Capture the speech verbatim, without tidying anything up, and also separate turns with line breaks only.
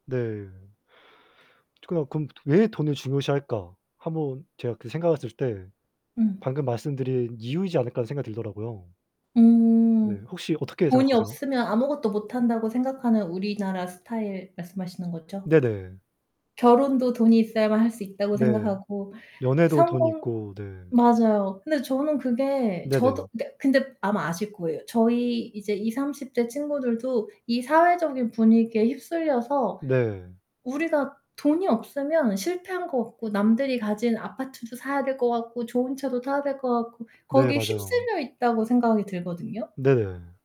네. 그냥 그럼 '왜 돈을 중요시할까?' 한번 제가 그 생각했을 때
음.
'방금 말씀드린 이유이지 않을까?' 하는 생각이 들더라고요. 네.
음.
혹시 어떻게
돈이
생각하세요?
없으면 아무것도 못 한다고 생각하는 우리나라 스타일 말씀하시는 거죠?
네네.
결혼도 돈이 있어야만 할 수 있다고
네.
생각하고
연애도 돈
성공
있고 네.
맞아요. 근데 저는 그게 저도
네네.
그러니까 근데 아마 아실 거예요. 저희 이제 이삼십 대 친구들도 이 사회적인 분위기에 휩쓸려서
네.
우리가 돈이 없으면 실패한 것 같고 남들이 가진 아파트도 사야 될 것 같고 좋은 차도 타야 될 것 같고
네.
거기에
맞아요.
휩쓸려 있다고 생각이 들거든요.
네.